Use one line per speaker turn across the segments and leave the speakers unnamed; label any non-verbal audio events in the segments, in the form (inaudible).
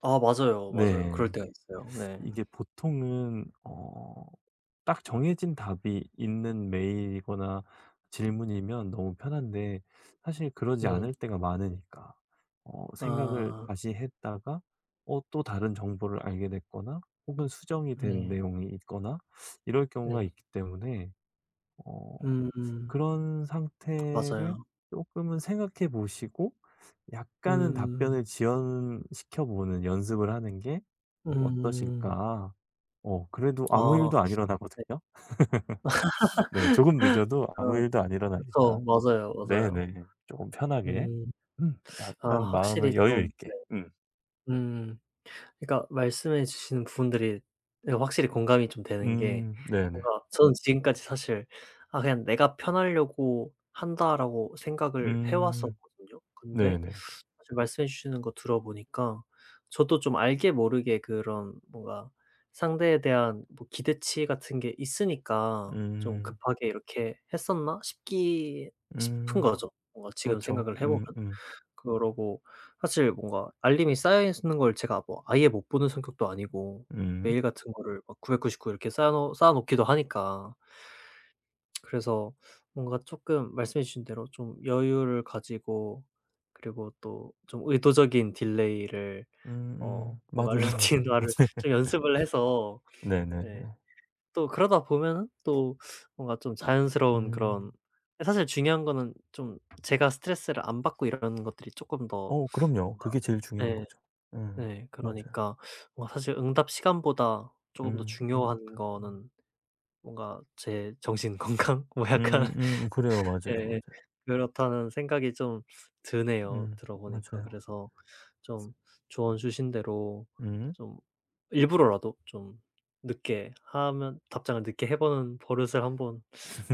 아. 맞아요, 맞아요.
네.
그럴 때가 있어요. 네.
이게 보통은 어 딱 정해진 답이 있는 메일이거나 질문이면 너무 편한데 사실 그러지
네.
않을 때가 많으니까 어 생각을
아.
다시 했다가 어 또 다른 정보를 알게 됐거나 혹은 수정이 된
네.
내용이 있거나 이럴 경우가
네.
있기 때문에 어
음.
그런 상태를
맞아요.
쪼끔은 생각해 보시고 약간은
음.
답변을 지연시켜 보는 연습을 하는 게
음.
어떠실까. 어 그래도 아무
어. 네.
일도 안
(laughs)
일어나거든요. (laughs) 네. 조금 늦어도 아무
아
일도 안 일어나니까.
그쵸. 맞아요, 맞아요.
네네. 쪼금 편하게.
음.
음
아
약간
확실히
마음을
좀 네.
여유있게 음.
음. 그니까 말씀해 주신 분들이 네 확실히 공감이 좀 되는 게
음. 네네.
뭔가 저는 지금까지 사실 '아 그냥 내가 편하려고 한다.'라고 생각을 해
음.
왔었거든요. 근데
네네네.
아 저 말씀해 주시는 거 들어보니까 저도 좀 알게 모르게 그런 뭔가 상대에 대한 뭐 기대치 같은 게 있으니까 좀
음.
급하게 이렇게 했었나 싶기 싶은
음.
거죠. 뭔가 지금
그렇죠.
생각을 해보면.
음음.
그러고 사실 뭔가 알림이 쌓여 있는 걸 제가 뭐 아예 못 보는 성격도 아니고
음.
메일 같은 거를 막 999 이렇게 쌓여 쌓아 놓기도 하니까. 그래서 뭔가 쪼끔 말씀해 주신 대로 좀 여유를 가지고 그리고 또 좀 의도적인 딜레이를 어
음음.
뭔가
맞아요, 맞아요. 맞
루틴화를 좀
(laughs)
연습을 해서 네
네네네.
또 그러다 보면은 또 뭔가 좀 자연스러운 그런
음.
아 사실 중요한 거는 좀 제가 스트레스를 안 받고 일하는 것들이 쪼끔 더
어 그럼요.
뭔가
그게 제일 중요한
네
거죠. 음.
네
맞아요.
그러니까 뭔가 사실 응답 시간보다 쪼금 더
음음.
중요한 거는 뭔가 제 정신 건강 뭐 약간
음음. 그래요. 맞아요,
예
맞아요.
그렇다는 생각이 좀 드네요
음.
들어 보니까
맞아요.
그래서 좀 조언 주신 대로
음.
좀 일부러라도 좀 늦게 하면 답장을 늦게 해 보는 버릇을 한번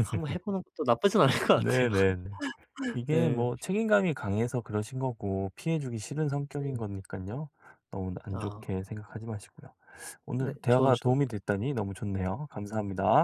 한번 해 보는 것도 나쁘진 않을 것 같아요.
네네네.
(laughs)
이게
네.
뭐 책임감이 강해서 그러신 거고 피해주기 싫은 성격인
네.
거니깐요 너무 안
아.
좋게 생각하지 마시고요. 오늘
네. 조언
대화가
주셔서
도움이 됐다니 너무 좋네요. 감사합니다.